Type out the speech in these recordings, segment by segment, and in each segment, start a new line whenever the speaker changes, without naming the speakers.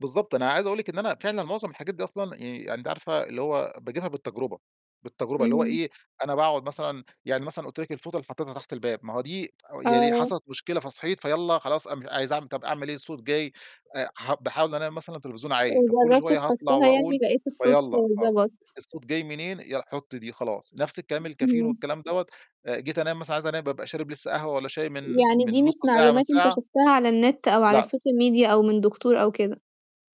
بالضبط، أنا عايز أقول لِك إن أنا فعلًا مُعظم الحاجات دي أصلًا يعني أنتِ عارفة اللي هو باجيبها بالتجربة بالتجربة اللي هو
امم.
إيه، أنا باقعُد مثلًا يعني مثلًا قُلت لِك الفوطة اللي حطّيتها تحت الباب، ما هو دي يعني
آه.
حصلِت مشكلة فصحيت فيلّا خلاص أن مش عايز أعمل طَب أعمل إيه الصوت جاي آآ ح باحاول أنام مثلًا التليفزيون عالي، طَب كلّ
وجرّبت
شوية هاطلع
تحطّها يعني
وأقول،
لقيت الصوت
فيلّا آه،
ضبَط.
الصوت جاي منين يلّا حُط دي خلاص، نَفْس الكلام الكافيين
اهم.
والكلام دَوّة آآ جيت أنام مثلًا عايز أنام بابقى شارب لسّه قهوة والّا شاي من
يعني
من
دي
نُص
مش
ساعة من
معلومات أنت
ساعة
شُفتها على النت أو على
لأ.
الSocial media أو من دكتور أو كده.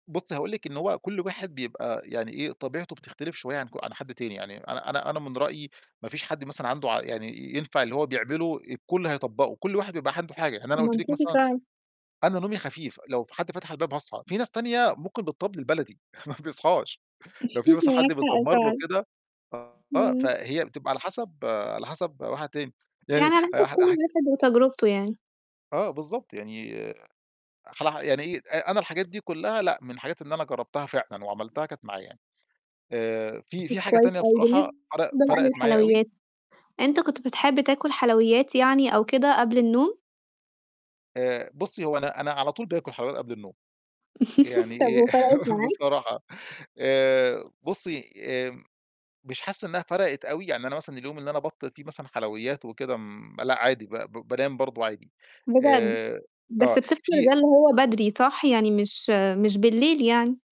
بُصّي هاقول لِك إن هو كلّ واحد بيبقى يعني إيه، طبيعته بتختلف شوية عن ك عن حد تاني، يعني أنا أنا أنا من رأيي ما فيش حد مثلًا عنده عق يعني ينفع اللي هو بيعمله الكلّ هيطبّقه، كلّ واحد بيبقى عنده حاجة، يعني أنا قُلت لِك
منطقي
مثلًا
فعلًا.
أنا نومي خفيف لو في حد فتح الباب هاصحى، في ناس تانية ممكن بالطبل البلدي ما بيصحاش، لو في مثلًا
معاك
حد
حق
بيزمّر له
فعلًا.
كده آه،
إمم.
فهي بتبقى على حسب على حسب واحد تاني، يعني
يعني على حسب
هحل
كلّ
هاحك
واحد وتجربته يعني.
آه، بالضبط يعني أخلعها يعني إي أ أنا الحاجات دي كلّها لأ، من الحاجات اللي أنا جرّبتها فعلًا وعملتها كانت معاه يعني، آآ في
طَب
في حاجة
كويس
تانية
أوي،
بصراحة
بالنسبة
فرق
بقى
فرقِت معايا أوي
للحلويات أنت كنت بتحب تاكُل حلويات يعني أو كده قبل النوم؟
آآ بُصّي هو أنا أنا على طول بآكُل حلويات قبل النوم،
طَب
يعني آآ
وفرقِت معاك؟
بصراحة آآ بُصّي آمم مش حاسس إنّها فرقِت أوي، يعني أنا مثلًا اليوم اللي أنا أبطّل فيه مثلًا حلويات وكده م ما لأ، عادي ب ب بانام برضه عادي،
بجد؟!
آآ
بس
آه
بتفطر ده
في
اللي هو بدري صح، يعني مش مش بالليل يعني؟